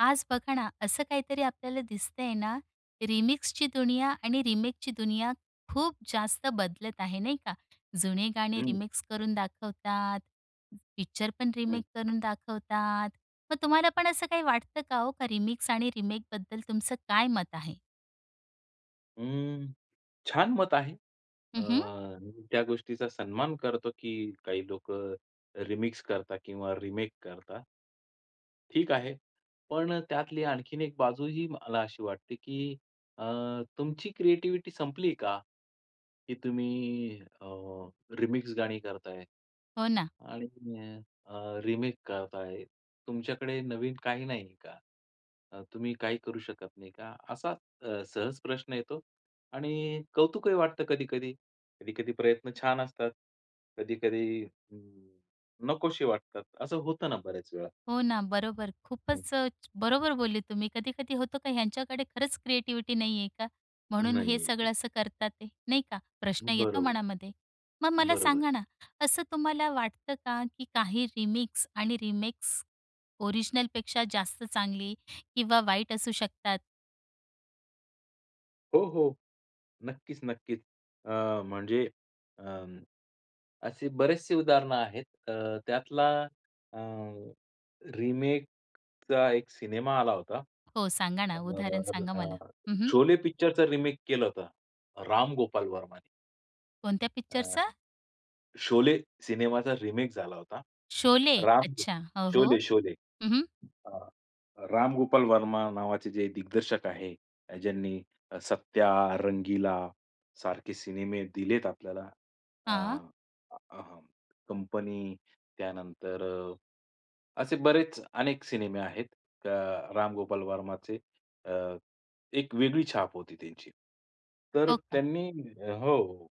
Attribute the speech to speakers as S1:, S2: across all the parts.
S1: आज बघा ना, असं काहीतरी आपल्याला दिसतंय ना रिमिक्सची दुनिया आणि रिमेकची दुनिया खूप जास्त बदलत आहे नाही का? जुने गाणे
S2: हं.
S1: रिमिक्स करून दाखवतात, पिक्चरपण
S2: हं.
S1: रिमेक करून दाखवतात. मग तुम्हाला पण असं काही वाटतं का हो का रिमिक्स आणि रिमेकबद्दल तुमचं काय मत आहे?
S2: अं, छान मत आहे. अ,
S1: हं, हं.
S2: त्या गोष्टीचा सन्मान करतो, की काही लोकं रिमिक्स करतात किंवा रिमेक करतात. ठीक आहे. पण त्यातली आणखीन एक बाजूही मला अशी वाटते की अ, तुमची क्रिएटीवीटी संपली का? की तुम्ही अ, रिमिक्स गाणी करताय
S1: हो ना.
S2: आणि तुम्ही अ, रिमेक करता आहे. तुमच्याकडे नवीन काही नाही का? अ, तुम्ही काही करू शकत नाही का? असा अ, सहज प्रश्न येतो आणि कौतुकही वाटतं कधी-कधी. कधी-कधी प्रयत्न छान असतात, कधी-कधी अ, नकोशी वाटतात. असं होतं ना बऱ्याच वेळा.
S1: हो ना. बरोबर,
S2: हं.
S1: खूपच अ, बरोबर बोलले तुम्ही. कधी-कधी होतो का ह्यांच्याकडे खरंच क्रिएटिव्हिटी नाही आहे का? म्हणून हे
S2: नाही आहे
S1: सगळं
S2: का.
S1: असं करतात आहे, नाही का? प्रश्न येतो
S2: बरोबर,
S1: मनामध्ये. मग मला
S2: बरोबर.
S1: सांगा ना, असं तुम्हाला वाटतं का की काही रिमिक्स आणि रिमेक्स ओरिजिनलपेक्षा जास्त चांगली किंवा वाईट असू शकतात?
S2: हो, हो, नक्कीच, नक्कीच. अ, म्हणजे अ, असे बरेचसे उदाहरणं आहेत, अ, त्यातला अ, रिमेकचा एक सिनेमा आला होता.
S1: हो, सांगा ना? उदाहरण सांगा मला.
S2: [unintelligible]
S1: हं, हं.
S2: शोले पिक्चरचा रिमेक केलं होतं, राम गोपाल वर्माने.
S1: कोणत्या
S2: अ,
S1: पिक्चरचा?
S2: शोले सिनेमाचा रिमेक झाला होता,
S1: शोले,
S2: राम
S1: अच्छा. हो, हो,
S2: शोले, शोले.
S1: हं, हं.
S2: हां, राम गोपाल वर्मा नावाचे जे दिग्दर्शक आहेत, ज्यांनी सत्या, रंगीला, सारखे सिनेमे दिलेत आपल्याला, अ,
S1: हां.
S2: अ, कंपनी त्यानंतर अ, असे बरेच अनेक सिनेमे आहेत, अ, राम गोपाल वर्माचे, अ, एक वेगळी छाप होती त्यांची. तर
S1: हो का?
S2: त्यांनी हो,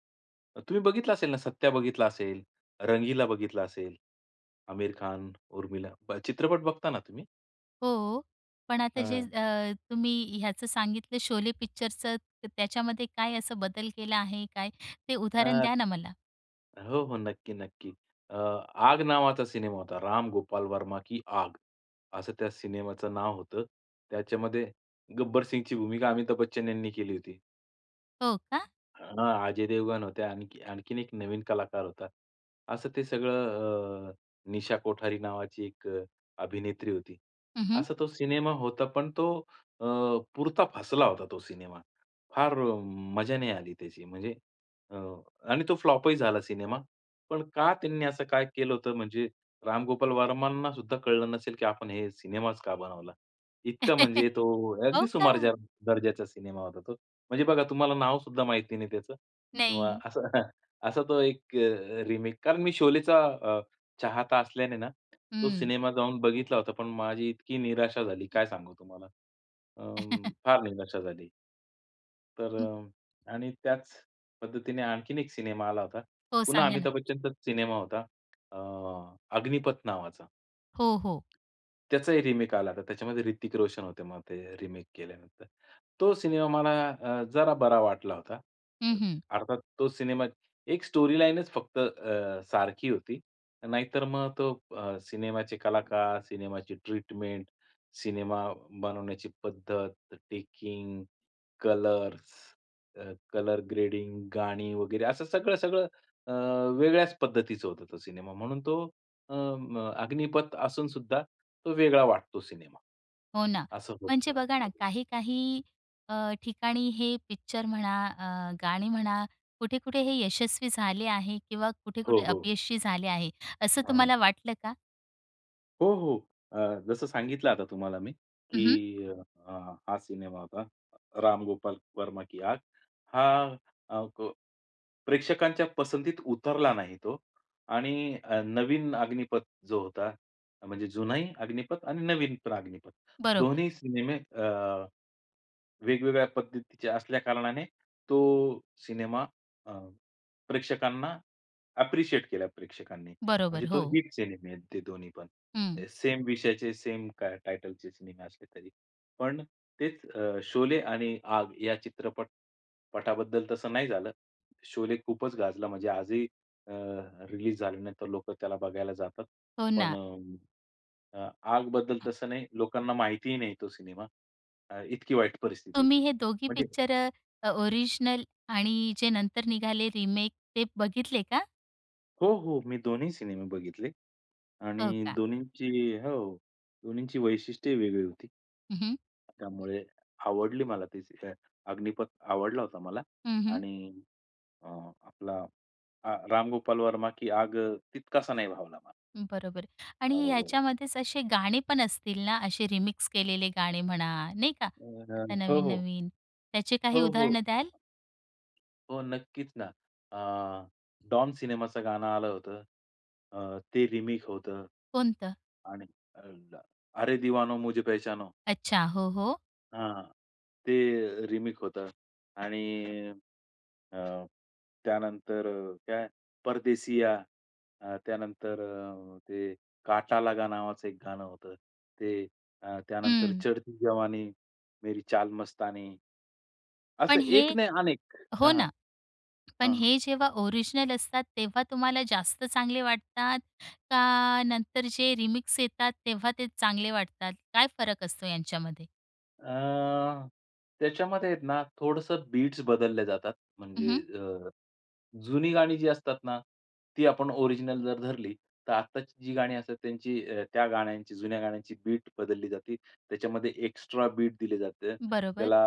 S2: तुम्ही बघितलं असेल ना, सत्या बघितला असेल, रंगीला बघितला असेल, आमिर खान, उर्मिला. बघ चित्रपट बघता ना तुम्ही?
S1: हो, पण आता जे
S2: हां.
S1: अ, तुम्ही ह्याचं सांगितलं, शोले पिक्चरचं, त्याच्यामध्ये काय असं बदल केला आहे, काय ते उदाहरण
S2: अ,
S1: द्या ना मला?
S2: हो, हो, नक्की, नक्की. अ, आग नावाचा सिनेमा होता, राम गोपाल वर्मा की आग, असं त्या सिनेमाचं नाव होतं. त्याच्यामध्ये गब्बर सिंगची भूमिका, अमिताभ बच्चन यांनी केली होती.
S1: हो का?
S2: हां, अजय देवगण होते, आणखी आणखीन एक नवीन कलाकार होता. असं ते सगळं अ, निशा कोठारी नावाची एक अभिनेत्री होती.
S1: हं, हं.
S2: असा तो सिनेमा होता. पण तो अ, पुरता फसला होता तो सिनेमा. फार मजा नाही आली त्याची. म्हणजे अ, आणि तो फ्लॉपही झाला सिनेमा. पण का त्यांनी असं काय केलं होतं? म्हणजे रामगोपाल वर्मांनासुद्धा कळलं नसेल, की आपण हे सिनेमाच का बनवला? इतका म्हणजे तो
S1: हो
S2: अगदी
S1: का?
S2: सुमारज दर्जाचा सिनेमा होता तो. म्हणजे बघा तुम्हाला नावसुद्धा माहिती नाही त्याचं किंवा
S1: नाही.
S2: असं असा तो एक अ, रिमेक कारण मी शोलेचा अ, चाहता असल्याने ना तो
S1: हम्म.
S2: सिनेमा जाऊन बघितला होता. पण माझी इतकी निराशा झाली काय सांगू तुम्हाला अ, फार निराशा झाली. तर अ, आणि त्याच पद्धतीने आणखीन एक सिनेमा आला होता.
S1: हो,
S2: पुन्हा
S1: सांगा ना?
S2: अमिताभ बच्चनचाच सिनेमा होता. अ, अग्निपथ नावाचा.
S1: हो, हो.
S2: त्याचाही रिमेक आला होता. त्याच्यामध्ये ऋतिक रोशन होते. मग ते रिमेक केल्यानंतर तो सिनेमा मला अ, जरा बरा वाटला होता.
S1: हं, हं.
S2: अर्थात तो सिनेमा एक स्टोरीलाइनच फक्त अ, सारखी होती. नाहीतर मग तो अ, सिनेमाचे कलाकार, सिनेमाची ट्रीटमेंट, सिनेमा बनवण्याची पद्धत, टेकिंग, कलर्स, अ, कलर् ग्रेडिंग, गाणी वगैरे असं सगळं-सगळं अ, वेगळ्याच पद्धतीचं होतं. तो सिनेमा म्हणून तो अ, म अग्निपथ असूनसुद्धा तो वेगळा वाटतो सिनेमा.
S1: हो ना.
S2: असं
S1: म्हणजे बघा ना
S2: [unintelligible]
S1: काही-काही अ, ठिकाणी हे पिक्चर म्हणा, अ, गाणी म्हणा, कुठे-कुठे हे यशस्वी झाले आहे किंवा
S2: हो,
S1: कुठे-कुठे
S2: हो.
S1: अपयशी झाले आहे. असं
S2: हं, हं.
S1: तुम्हाला वाटलं का?
S2: हो, हो. अ, जसं सांगितलं आता तुम्हाला मी,
S1: हं, हं.
S2: की अ, हा सिनेमा होता, राम गोपाल वर्मा की, "आग." हा अ, प प्रेक्षकांच्या पसंतीत उतरला नाही तो आणि अ, नवीन अग्निपथ जो होता म्हणजे जुनाही अग्निपथ आणि नवीन पण अग्निपथ
S1: बरोबर.
S2: दोन्ही सिनेमे अ, वेगवेगळ्या पद्धतीच्या असल्या कारणाने तो सिनेमा अ, प्रेक्षकांना ॲप्रिशिएट केला प्रेक्षकांनी. म्हणजे
S1: बरोबर,
S2: तो
S1: हो.
S2: हिट सिनेमे आहेत ते दोन्ही पण.
S1: हम्म.
S2: सेम विषयाचे सेम टायटलचे सिनेमे असले तरी. पण तेच अ, शोले आणि आग या चित्रपट पटाबद्दल तसं नाही झालं. शोले खूपच गाजला म्हणजे आजही अ, रिलीज झाल्यानंतर लोकं त्याला बघायला जातात.
S1: हो
S2: पण
S1: ना.
S2: अ, आग बद्दल तसं नाही, लोकांना माहितीही नाही तो सिनेमा. इतकी अ, वाईट परिस्थिती
S1: तुम्ही
S2: होती.
S1: हे दोघी
S2: म्हणजे
S1: पिक्चर अ ओरिजिनल आणि जे नंतर निघाले रिमेक ते बघितले का?
S2: हो, हो. मी दोन्ही सिनेमे बघितले
S1: हो
S2: आणि
S1: का?
S2: दोन्हींची हो, दोन्हींची वैशिष्ट्येही वेगळी होती.
S1: हं, हं.
S2: त्यामुळे, आवडली मला ती अग्निपथ आवडला होता मला
S1: हं, हं.
S2: आणि अ, आपला हा राम गोपाल वर्मा की आग अ, तितकासा नाही भावला मला.
S1: बरोबर आहे
S2: हो,
S1: आणि
S2: हो.
S1: ह्याच्यामध्येच असे गाणे पण असतील ना असे रिमिक्स केलेले गाणे म्हणा, नाही का?
S2: अह,
S1: आता
S2: हो, हो.
S1: नवीन-नवीन, त्याचे काही
S2: हो, हो.
S1: उदाहरणं द्याल?
S2: हो नक्कीच ना. अ, डॉन सिनेमाचं गाणं आलं होतं. अ, ते रिमेक होतं
S1: कोणतं?
S2: आणि अ, अ ल्ला अरे दिवानो मुझे पहचानो.
S1: अच्छा, हो, हो.
S2: हां, ते रीमिक्स होतं आणि अ, त्यानंतर काय परदेशीया अ, त्यानंतर अ, ते काटा लगा नावाचं एक गाणं होतं. ते अ, त्यानंतर
S1: हं.
S2: चढती जवानी, मेरी चाल मस्तानी असं
S1: पण हे
S2: एक नाही अनेक
S1: हो
S2: हां,
S1: ना, पण
S2: हां.
S1: हे जेव्हा ओरिजिनल असतात, तेव्हा तुम्हाला जास्त चांगले वाटतात? का नंतर जे रिमिक्स येतात, तेव्हा ते चांगले वाटतात? काय फरक असतो, यांच्यामध्ये?
S2: अ, त्याच्यामध्ये आहेत ना, थोडंसं बीट्स बदलल्या जातात.
S1: हं,
S2: म्हणजे
S1: हं.
S2: अ, जुनी गाणी जी असतात ना, ती आपण ओरिजिनल जर धरली, तर आत्ताची जी गाणी असतात. त्यांची अ, त्या गाण्यांची जुन्या गाण्यांची बीट बदलली जाते. त्याच्यामध्ये एक्स्ट्रा बीट दिले जाते.
S1: बरोबर.
S2: त्याला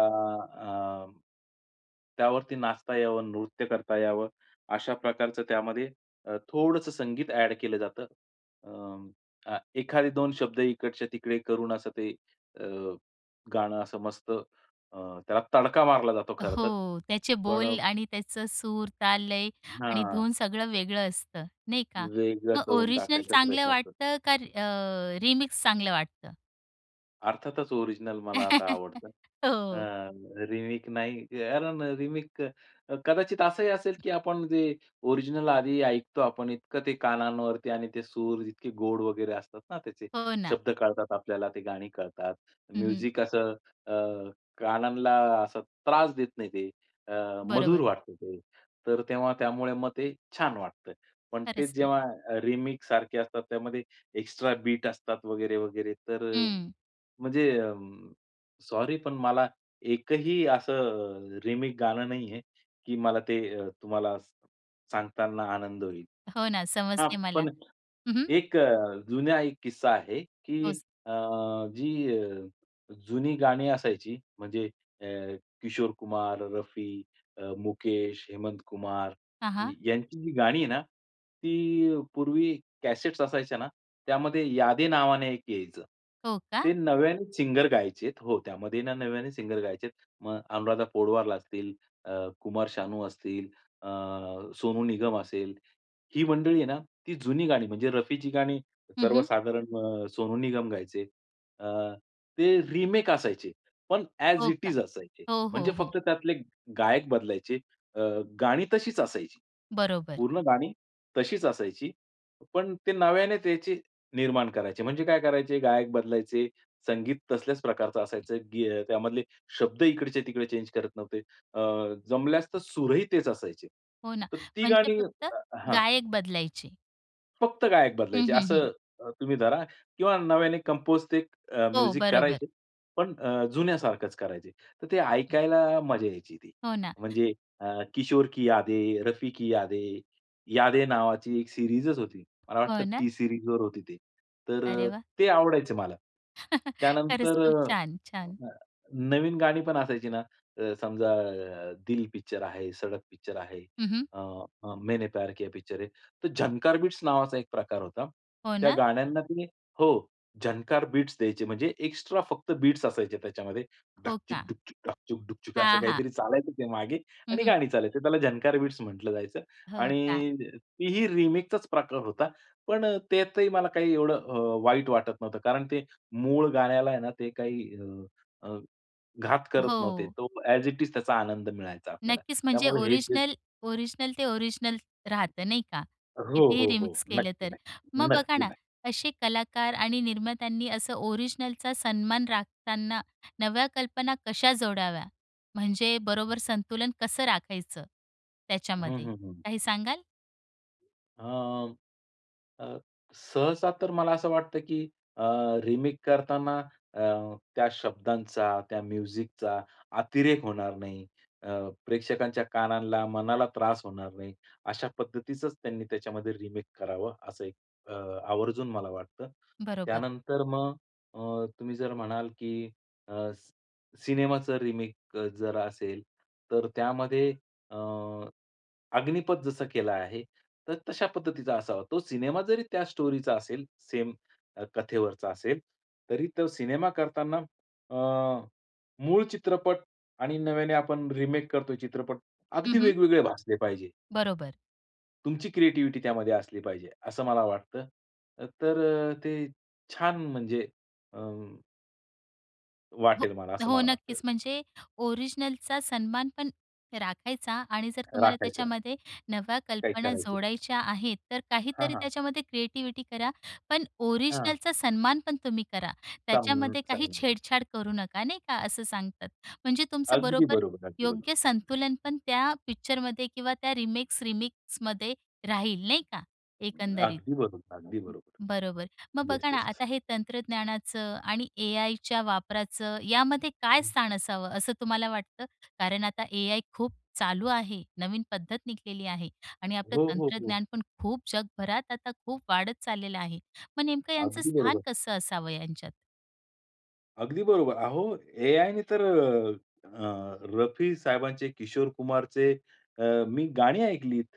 S2: अ, त्यावरती नाचता यावं, नृत्य करता यावं, अशा प्रकारचं त्यामध्ये अ, थोडंसं संगीत ॲड केलं जातं. अ, अ, एखादे 2 शब्द इकडच्या-तिकडे करून, असं ते अ, गाणं असं मस्त अ, त्याला तडका मारला जातो, खरंतर.
S1: हो, त्याचे
S2: पण अ
S1: बोल आणि त्याचं सूर, ताल, लय आणि
S2: हां.
S1: धून सगळं वेगळं असतं. नाही का?
S2: वेगळा
S1: मग
S2: करून
S1: ओरिजिनल
S2: टाकायचा
S1: चांगलं
S2: प्रयत्न कर
S1: वाटतं का री अ, रीमिक्स चांगलं वाटतं?
S2: अर्थातच, ओरिजिनल मला आता आवडतं, अ,
S1: हो.
S2: रिमेक नाही, कारण रिमेक अ, कदाचित असं ही असेल, की आपण जे ओरिजिनल आधी ऐकतो, आपण इतकं ते कानांवरती, आणि ते सूर, इतके गोड वगैरे असतात ना, त्याचे
S1: हो ना.
S2: शब्द कळतात आपल्याला, ते गाणी कळतात,
S1: हं, हं.
S2: म्युझिक असं, अ, कानांना असा त्रास देत नाही, ते अ, मधुर
S1: बरोबर.
S2: वाटतं, ते तर तेव्हा त्यामुळे मग ते छान वाटतं. पण ते
S1: खरंच ना.
S2: जेव्हा रिमेकसारखे असतात, त्यामध्ये एक्स्ट्रा बीट असतात, वगैरे-वगैरे, तर अ,
S1: हं.
S2: म्हणजे अ, सॉरी पण मला एक ही असं रिमेक गाणं नाही आहे, की मला ते अ, तुम्हाला स सांगताना आनंद होईल.
S1: हो ना,
S2: हां,
S1: समजले मला.
S2: पण
S1: हं, हं.
S2: एक अ, जुनं, एक किस्सा आहे, की
S1: हो, स
S2: अ, जी अ, जुनी गाणी असायची, म्हणजे अ, किशोर कुमार, रफी, अ, मुकेश, हेमंत कुमार,
S1: हां, हां.
S2: यांची जी गाणी आहे ना, ती पूर्वी कॅसेट्स असायच्या ना, त्यामध्ये यादे नावाने एक यायचं,
S1: हो का?
S2: ते नव्याने सिंगर गायचे हो, त्यामध्ये ना नव्याने सिंगर गायचे आहेत, मग अनुराधा पोडवला असतील, अ, कुमार शानू असतील, अ, सोनू निगम असेल, ही मंडळी आहे ना, ती जुनी गाणी, म्हणजे रफी जी गाणी
S1: हं, हं.
S2: सर्वसाधारण अ, सोनू निगम गायचे, अ, ते रिमेक असायचे, पण ॲज
S1: हो
S2: इट
S1: का?
S2: इज असायचे,
S1: हो,
S2: म्हणजे
S1: हो, हो.
S2: फक्त त्यातले गायक बदलायचे, अ, गाणी तशीच असायची.
S1: बरोबर.
S2: पूर्ण गाणी तशीच असायची पण ते नव्याने त्याचे निर्माण करायचे, म्हणजे काय करायचे, गायक बदलायचे, संगीत तसल्याच प्रकारचं असायचं, गी अ, त्यामधले शब्द इकडचे-तिकडे चेंज करत नव्हते. अ, जमल्यास तर सुर ही तेच असायचे,
S1: हो ना,
S2: तर ती
S1: म्हणजे
S2: गाणी
S1: फक्त
S2: [unintelligible] हां.
S1: गायक बदलायचे.
S2: फक्त गायक
S1: हं,
S2: बदलायचे.
S1: हं, हं.
S2: असं अ, तुम्ही धरा किंवा नव्याने कंपोज ते
S1: हो,
S2: म्युझिक अ,
S1: बरोबर.
S2: करायचे पण अ, जुन्यासारखंच करायचे. तर ते ऐकायला मजा यायची ती.
S1: हो ना.
S2: म्हणजे अ, किशोर की यादे, रफी की यादे, यादे नावाची एक सीरीजच होती, मला वाटतं
S1: हो ना?
S2: T-Series वर होती ती, तर
S1: अरे
S2: अ,
S1: वाह!
S2: ते आवडायचं मला.
S1: खरंच
S2: त्यानंतर
S1: खूप
S2: अ,
S1: छान! छान!
S2: अ, नवीन गाणी पण असायची ना, अ, समजा अ, दिल पिक्चर आहे, सडक पिक्चर आहे,
S1: हं, हं.
S2: अ, मैंने प्यार किया पिक्चर आहे. ते झंकार बिट्स नावाचा एक प्रकार होता,
S1: हो
S2: त्या
S1: ना?
S2: गाण्यांना ते हो, "झंकार बीट्स" द्यायचे. म्हणजे एक्स्ट्रा फक्त बीट्स असायचे त्याच्यामध्ये,
S1: हो
S2: डाकचिक
S1: का?
S2: डाकचुक डाकचिक डुकचुक असं
S1: हां, हां.
S2: काहीतरी चालायचं ते मागे
S1: हं,
S2: आणि
S1: हं.
S2: गाणी चालायचे, त्याला "झंकार बीट्स" म्हटलं जायचं
S1: हो का?
S2: आणि तीही रिमिक्सचाच प्रकार होता. पण त्यातही मला काही एवढं अ, वाईट वाटत नव्हतं कारण ते मूळ गाण्याला आहे ना ते काही अ, अ, घात करत नव्हते.
S1: हो.
S2: तो ॲज इट इज त्याचा आनंद मिळायचा आपल्याला,
S1: नक्कीच म्हणजे
S2: त्यामुळे हे जे
S1: ओरिजिनल ओरिजिनल ते ओरिजिनल राहतं नाही का?
S2: हो,
S1: कितीही
S2: हो, हो,
S1: रिमिक्स केलं तर.
S2: नक्की-नक्की,
S1: मग बघा ना,
S2: नक्की-नक्की.
S1: असे कलाकार आणि निर्मात्यांनी असं ओरिजिनलचा सन्मान राखताना नव्या कल्पना कशा जोडाव्या? म्हणजे बरोबर संतुलन कसं राखायचं
S2: हं,
S1: त्याच्यामध्ये,
S2: हं, हं.
S1: काही सांगाल?
S2: अ, अ, सहसा तर मला असं वाटतं की अ, रिमेक करताना अ, त्या शब्दांचा त्या म्युझिकचा अतिरेक होणार नाही. अ, प्रेक्षकांच्या कानांला, मनाला त्रास होणार नाही. अशा पद्धतीचंच त्यांनी त्याच्यामध्ये रिमेक करावं असं एक अ, आवर्जून मला वाटतं.
S1: बरोबर.
S2: त्यानंतर मग अ, तुम्ही जर म्हणाल की अ, सी सिनेमाचं रिमेक जर असेल तर त्यामध्ये अ, अग्निपथ जसं केलं आहे तर तशा पद्धतीचा असावा. तो सिनेमा जरी त्या स्टोरीचा असेल, सेम कथेवरचा असेल. तरी तो सिनेमा करतांना अ, मूळ चित्रपट आणि नव्याने आपण रिमेक करतोय चित्रपट,
S1: हं,
S2: अगदी
S1: हं.
S2: वेगवेगळे भासले पाहिजे.
S1: बरोबर.
S2: तुमची क्रिएटीव्हीटी त्यामध्ये असली पाहिजे, असं मला वाटतं. तर अ, ते छान म्हणजे अं,
S1: हो,
S2: वाटेल मला असं
S1: हो,
S2: मला वाटतं.
S1: नक्कीच म्हणजे ओरिजनलचा सन्मानपण राखायचा आणि जर तुम्हाला
S2: राखायचं.
S1: त्याच्यामध्ये नव्या
S2: काय
S1: कल्पना
S2: करायचं?
S1: जोडायच्या आहेत, तर
S2: हां,
S1: काहीतरी
S2: हां.
S1: त्याच्यामध्ये क्रिएटिविटी करा. पण
S2: हां.
S1: ओरिजनलचा सन्मानपण तुम्ही करा. त्याच्यामध्ये काही
S2: [unintelligible]
S1: छेडछाड करू नका, नाही का? असं सांगतात. म्हणजे तुमचं
S2: अगदी
S1: बरोबर
S2: बरोबर, अगदी बरोबर.
S1: योग्य संतुलनपण त्या पिक्चरमध्ये किंवा त्या रिमेक्स-रिमिक्समध्ये राहील नाही का, एकंदरीत.
S2: अगदी बरोबर, अगदी बरोबर.
S1: बरोबर. मग
S2: येस,
S1: बघा ना,
S2: येस.
S1: आता हे तंत्रज्ञानाचं आणि ए-आयच्या वापराचं, यामध्ये काय स्थान असावं, असं तुम्हाला वाटतं? कारण आता ए-आय खूप चालू आहे. नवीन पद्धत निघलेली आहे आणि आपलं
S2: हो, हो, हो.
S1: तंत्रज्ञानपण खूप जगभरात आता खूप वाढत चाललेलं आहे. मग नेमकं यांचं
S2: अगदी
S1: स्थान
S2: बरोबर.
S1: कसं असावं यांच्यात?
S2: अगदी बरोबर. अहो, AI ने तर अ, अ, रफी साहेबांचे, किशोर कुमारचे अ, मी गाणी ऐकलीत.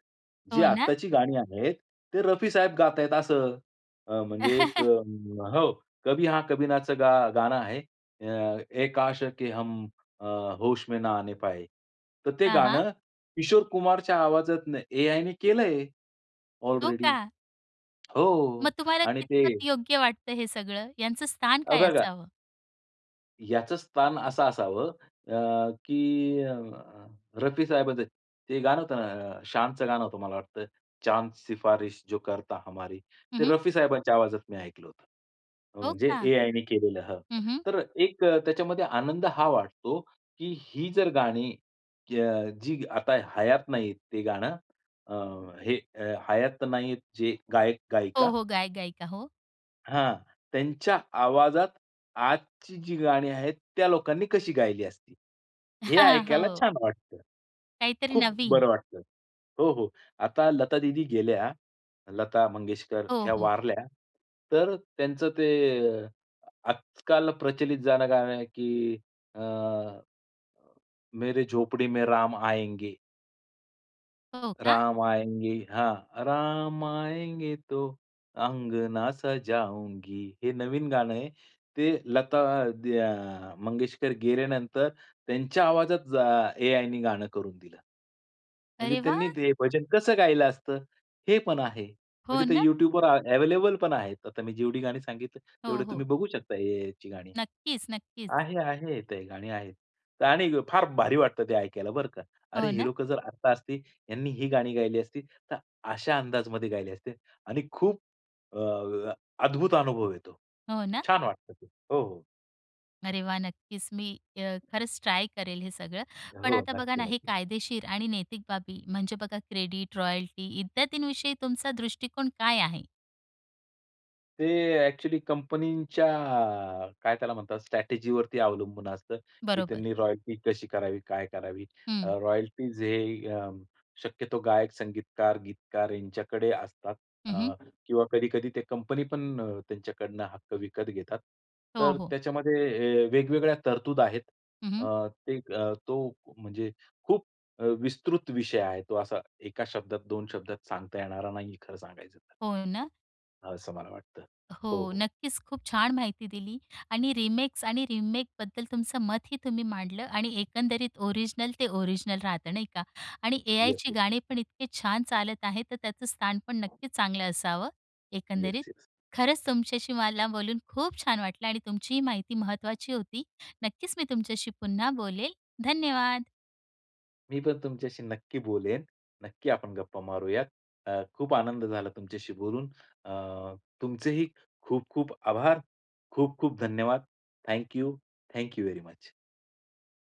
S2: जे
S1: हो ना.
S2: आत्ताची गाणी आहेत, ते रफी साहेब गातायत असं. अ, म्हणजे एक हो, कभी हां कभी नाच गा गाणं आहे. अ, ए काश के हम अ, होश में न आने पाए. तर ते
S1: हां, हां.
S2: गाणं किशोर कुमारच्या आवाजातन AI ने केलंय,
S1: हो
S2: ऑलरेडी.
S1: का? मग
S2: हो
S1: तुम्हाला
S2: आणि ते
S1: कितपत योग्य वाटतं हे सगळं, यांचं स्थान
S2: अ
S1: काय
S2: बघा
S1: असावं?
S2: याचं स्थान असं असावं अ, की अ, रफी साहेबांचं ते गाणं होतं ना? अ, शानचं गाणं होतं मला वाटतं. चांद शिफारिश जो करता हमारी.
S1: हं,
S2: ते
S1: हं.
S2: रफी साहेबांच्या आवाजात मी ऐकलं होतं. अ,
S1: हो
S2: म्हणजे
S1: का?
S2: AI ने केलेलं हं.
S1: हं, हं.
S2: तर एक त्याच्यामध्ये आनंद हा वाटतो, की ही जर गाणी क जी आता हयात नाहीत ते गाणं. अ, हे हयात नाहीत हे जे
S1: हो,
S2: गायक-गायिका.
S1: हो, गायक-गायिका, हो.
S2: हां, त्यांच्या आवाजात आजची जी गाणी आहेत, त्या लोकांनी कशी गायली असती? हे
S1: हां,
S2: ऐकायला
S1: हो.
S2: छान वाटतं.
S1: काहीतरी
S2: खूप
S1: नवीन.
S2: बरं वाटतं. हो, हो. आता लता दीदी गेल्या, लता मंगेशकर
S1: हो,
S2: ह्या
S1: हो.
S2: वारल्या. तर त्यांचं ते आजकाल प्रचलित जाणं गाणं आहे, की अ, मेरे झोपडी में राम आएंगे.
S1: हो का?
S2: राम आयेंगे हां, राम आयेंगे, तो अंगना सजाऊंगी हे नवीन गाणं आहे. ते लता द्या मंगेशकर गेल्यानंतर त्यांच्या आवाजात जा एआयने गाणं करून दिलं, म्हणजे
S1: अरे
S2: त्यांनी
S1: वाह!
S2: ते भजन कसं गायला असतं? हे पण आहे,
S1: हो
S2: म्हणजे ते
S1: ना?
S2: यूट्यूबवर अ, अव्हेलेबल पण आहे, आता मी जेवढी गाणी सांगितलं,
S1: हो,
S2: तेवढे
S1: हो.
S2: तुम्ही बघू शकता, एआयची गाणी.
S1: नक्कीच, नक्कीच.
S2: आहे, आहे ते गाणी आहेत आणि फार भारी वाटत, ते ऐकायला बरं का. अरे!
S1: हो
S2: हे
S1: ना?
S2: लोकं जर आत्ता असती, यांनी ही गाणी गायली असती, तर अशा अंदाजामध्ये गायली असते आणि खूप अ, अ, अद्भुत अनुभव येतो.
S1: हो ना?
S2: छान वाटतं ते. हो, हो.
S1: अरे वाह! नक्कीच. मी अ, खरंच ट्राय करेल, हे सगळं. पण
S2: हो,
S1: आता बघा
S2: नक्की,
S1: ना, हे
S2: नक्की.
S1: कायदेशीर आणि नैतिक बाबी, म्हणजे बघा क्रेडिट, रॉयल्टी इत्यादींविषयी तुमचा दृष्टिकोन काय आहे?
S2: ते एक्चुअली कंपनीच्या काय त्याला म्हणतात स्ट्रॅटेजीवरती अवलंबून असतं की
S1: बरोबर.
S2: त्यांनी रॉयल्टी कशी करावी, काय करावी? अ,
S1: हं.
S2: रॉयल्टी जे अ, शक्यतो गायक, संगीतकार, गीतकार यांच्याकडे असतात
S1: हं, हं.
S2: अ, किंवा कधी-कधी ते कंपनी पण अ, त्यांच्याकडनं हक्क विकत घेतात.
S1: हो,
S2: तर
S1: हो.
S2: त्याच्यामध्ये हे वेगवेगळ्या तरतूद आहेत
S1: हं, हं.
S2: अ, ते अ, तो, म्हणजे खूप अ, विस्तृत विषय आहे तो, असा एका शब्दात, 2 शब्दात सांगता येणारा नाही, खरं सांगायचं, तर.
S1: हो ना?
S2: असं मला वाटतं. हो,
S1: हो.
S2: हो.
S1: नक्कीच. खूप छान माहिती दिली आणि रिमेक्स आणि रीमेकबद्दल तुमचं मत ही तुम्ही मांडलं आणि एकंदरीत ओरिजिनल ते ओरिजिनल राहतं नाही का? आणि
S2: येस,
S1: एआयची
S2: येस.
S1: गाणी पण इतके छान चालत आहे. तर त्याचं स्थान पण नक्कीच चांगलं असावं, एकंदरीत.
S2: Yes, yes.
S1: खरंच तुमच्याशी मला बोलून खूप छान वाटलं आणि तुमची ही माहिती महत्त्वाची होती. नक्कीच मी तुमच्याशी पुन्हा बोलेल, धन्यवाद!
S2: मी पण तुमच्याशी नक्की बोलेन, नक्की आपण गप्पा मारूयात. अ, खूप आनंद झाला तुमच्याशी बोलून अ, तुमचे ही खूप-खूप आभार, खूप-खूप धन्यवाद. Thank you, thank you very much.